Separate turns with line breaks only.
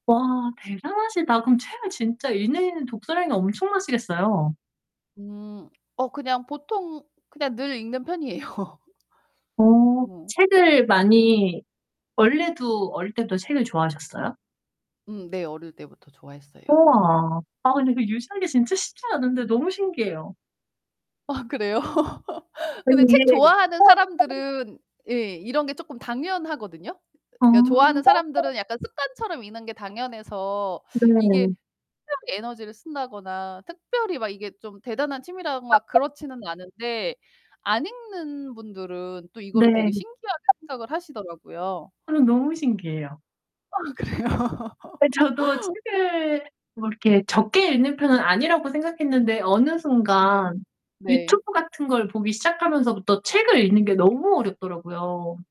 와 대단하시다. 그럼 책을 진짜 읽는 독서량이 엄청 나시겠어요.
음 어 그냥 보통 그냥 늘 읽는 편이에요.
어
어.
책을 많이 원래도 어릴 때부터 책을 좋아하셨어요?
음 네. 어릴 때부터 좋아했어요.
우와. 아 근데 그 유지하기 진짜 쉽지 않은데 너무 신기해요.
아 그래요? 근데
끈기에
책 좋아하는
어 [unintelligible]
사람들은 예 이런 게 쪼끔 당연하거든요?
어.
그러니까
다른
좋아하는
사람
사람들은 약간 습관처럼 읽는 게 당연해서 이게
네.
특별히 에너지를 쓴다거나 특별히 막 이게 좀 대단한
아
취미라거나
어.
그렇지는 않은데 안 읽는 분들은 또 이거를
네.
되게 신기하게 생각을 하시더라고요.
저는 너무 신기해요.
아 그래요?
예. 저도 책을 뭐 이렇게 적게 읽는 편은 아니라고 생각했는데 어느
네.
순간
네.
YouTube 같은 걸 보기 시작하면서부터 책을 읽는 게
음.
너무 어렵더라고요.